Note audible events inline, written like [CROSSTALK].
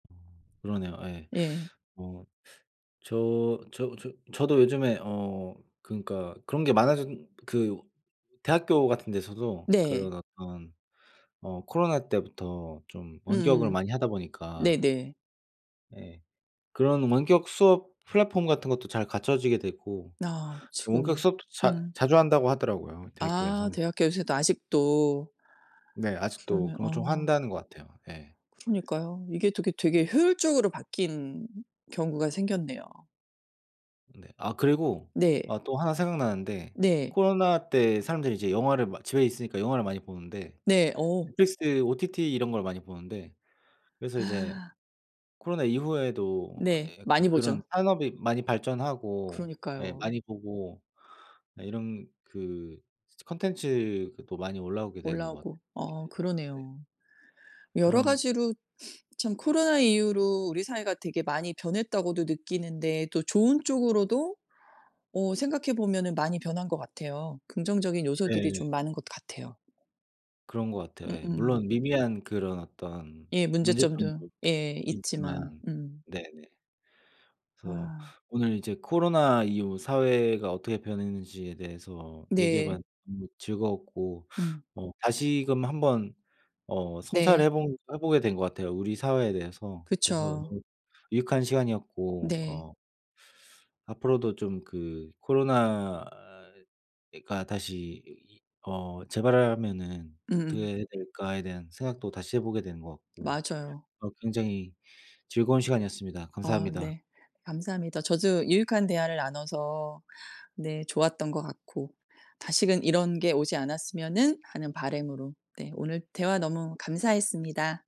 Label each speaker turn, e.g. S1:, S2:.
S1: 어 그러네요. 예.
S2: 예.
S1: 어 저 저 저 저도 요즘에 어 그니까 그런 게 많아졌 그 대학교 같은 데서도
S2: 네.
S1: 그런 어떤 어 코로나 때부터 좀 원격을
S2: 음음.
S1: 많이 하다 보니까
S2: 네네.
S1: 예. 그런 원격수업 플랫폼 같은 것도 잘 갖춰지게 되고
S2: 아
S1: 또 원격
S2: 지금은
S1: 수업도 자
S2: 음.
S1: 자주 한다고 하더라고요 대학교에서.
S2: 아 대학교 요새도 아직도.
S1: 네. 아직도
S2: 그러네.
S1: 그런 거 좀
S2: 어.
S1: 한다는 것 같아요. 예.
S2: 그러니까요. 이게 되게, 되게 효율적으로 바뀐 경우가 생겼네요.
S1: 네. 아 그리고
S2: 네.
S1: 아 또 1 생각나는데
S2: 네.
S1: 코로나 때 사람들이 이제 영화를 막 집에 있으니까 영화를 많이 보는데
S2: 네. 어.
S1: Netflix OTT 이런 걸 많이 보는데 그래서 이제
S2: 아.
S1: 코로나 이후에도
S2: 네.
S1: 예 약간
S2: 많이
S1: 그런
S2: 보죠.
S1: 산업이 많이 발전하고 예
S2: 그러니까요.
S1: 많이 보고 네 이런 그 저 컨텐츠 그것도 많이 올라오게 된 것 같아요.
S2: 올라오고 어
S1: 예. 네.
S2: 그러네요. 여러
S1: 그런
S2: 가지로 [SNIFFS] 참 코로나 이후로 우리 사회가 되게 많이 변했다고도 느끼는데 또 좋은 쪽으로도 어 생각해 보면은 많이 변한 것 같아요. 긍정적인 요소들이
S1: 네.
S2: 좀 많은 것 같아요.
S1: 그런 것 같아요. 예.
S2: 음음.
S1: 물론 미미한 그런 어떤
S2: 예 문제점도
S1: 문제점도
S2: 예 있지만
S1: 있지만
S2: 음.
S1: 네네. 그래서
S2: 아.
S1: 오늘 이제 코로나 이후 사회가 어떻게 변했는지에 대해서 얘기해
S2: 네.
S1: 봤는데 즐거웠고
S2: 음.
S1: 어 다시금 한 번 어 성찰을 해
S2: 네.
S1: 본 해 보게 된 것 같아요 우리 사회에 대해서. 그래서
S2: 그쵸.
S1: 너무 유익한 시간이었고
S2: 네.
S1: 어 앞으로도 좀 그 '코로나가 다시 어 재발하면은
S2: 음음.
S1: 어떻게 해야 될까.'에 대한 생각도 다시 해 보게 되는 것 같고
S2: 맞아요.
S1: 어 굉장히 즐거운 시간이었습니다.
S2: 어
S1: 감사합니다.
S2: 네. 감사합니다. 저도 유익한 대화를 나눠서 네 좋았던 것 같고 다시는 이런 게 오지 않았으면은 하는 바람으로 네 오늘 대화 너무 감사했습니다.